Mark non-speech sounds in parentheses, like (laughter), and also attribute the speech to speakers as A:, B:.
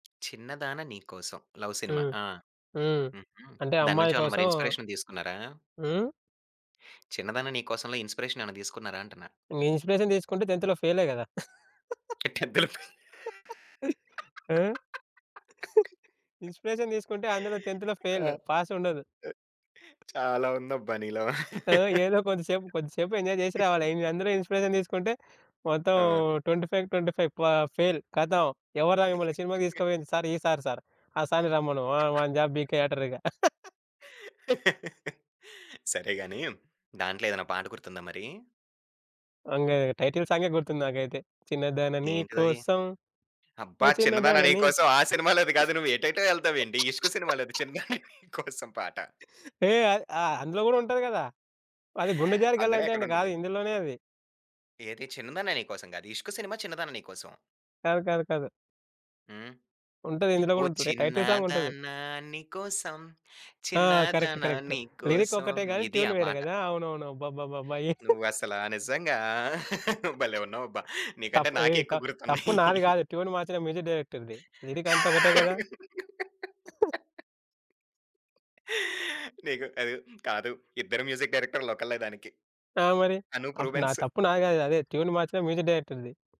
A: 'చిన్నదాన నీకోసం' love cinema.
B: హ్మ్.
A: ఆ!
B: హ్మ్.
A: హుహు.
B: అంటే
A: దాని
B: అమ్మాయి
A: నుంచి ఏమన్నా మరి
B: కోసం
A: ఇన్స్‌పి‌రేషన్ తీసుకున్నారా?
B: హ్మ్?
A: 'చిన్నదాన నీకోసంలో' ఇన్స్‌పిరేషన్ ఏమైనా తీసుకున్నారా అంటున్నా?
B: ఇంగా ఇన్స్‌పి‌రేషన్ తీసుకుంటే ఫెయిలే కదా! (giggles)
A: 10థ్‌ (laughs)
B: (laughs) ఆ! ఇన్స్‌పిరేషన్ తీసుకుంటే అందులో 10‌థ్‌
A: ఆ!
B: ఫెయిల్,
A: ఆ
B: పాస్ ఉండదు.
A: చాలా ఉందబ్బా నీలో.
B: ఆ! ఏదో కొద్ది సేపు కొద్ది సేపు ఎంజాయ్ చేసి రావాలి.
A: (laughs)
B: ఇవి అందులో ఇన్స్‌పి‌రేషన్ తీసుకుంటే మొత్తం
A: ఆ!
B: 25కి 25 పా ఫెయిల్ కతం. ఎవరా మిమ్మల్ని సినిమాకి తీసుకోపోయింది?
A: (laughs)
B: Sir ఈసార్ sir. ఆ సారిని రమ్మను ఆహ్, వాడిని జాబ్
A: (chuckles)
B: పీకెయి అంటారిక. (chuckles)
A: (laughs) సరే గాని దాంట్లో ఏదైనా పాట గుర్తుందా మరి?
B: అంగ టైటిల్ సాంగే గుర్తుంది నాకైతే చిన్నదాని నీ
A: ఏంటిదది?
B: కోసం
A: అబ్బా!
B: ఓ
A: 'చిన్నదాన
B: చిన్నదాన నీకు
A: నీకోసం' ఆ సినిమాలోది కాదు. నువ్వు ఎటైటో ఎళ్తావేంటి! 'ఇష్క్' సినిమాలోది
B: (laughs)
A: చిన్నదాన నీ కోసం పాట.
B: ఏయ్! అ ఆహ్, అందులో కూడా ఉంటది గదా! అది' గుండె
A: (gasps)
B: జారి
A: అందులో ఎక్కడ
B: గల్లంతైంది' కాదు.
A: ఉంటది?
B: ఇందులోనే అది.
A: ఏది 'చిన్నదాన్న నీకోసం' గాదు. 'ఇష్క్' సినిమా 'చిన్నదాన్న నీకోసం.'
B: కాదు కాదు కాదు.
A: హ్మ్?
B: ఉంటది ఇందులో
A: ఓ
B: కూడా ఉంటది. టైటిల్ సాంగ్ ఉంటది.
A: చిన్నదానా నీ కోసం
B: ఆ! కరెక్ట్.
A: చిన్నదానా
B: కరెక్ట్. లిరిక్
A: నీకోసం
B: ఒక్కటే గాని
A: ఇది
B: ట్యూన్
A: ఆ
B: వేరే
A: పాట.
B: కదా! అవునవును. అబ్బబ్బబ్బబ్బ!
A: నువ్వు
B: (chuckles)
A: అసలా నిజంగా! (chuckles) భలే ఉన్నావు అబ్బా! నీకంటే
B: తప్పు
A: నాకే
B: ఎయ్ త
A: ఎక్కువ
B: తప్పు
A: గుర్తున్నాయి!
B: నాది గాదు, ట్యూన్ మార్చిన మ్యూజిక్ డైరెక్టర్‌ది. లిరిక్ అంతా ఒకటే గదా! (chuckles)
A: (laughs) (gasps) నీకు అది కాదు ఇద్దరు మ్యూజిక్ డైరెక్టర్లు ఒకళ్ళే దానికి.
B: ఆ! మరి!
A: 'అనూప్
B: అప్పుడు నా
A: రూబెన్స్.'
B: తప్పు నాది కాదు. అదే ట్యూన్ మార్చిన మ్యూజిక్ డైరెక్టర్‌ది.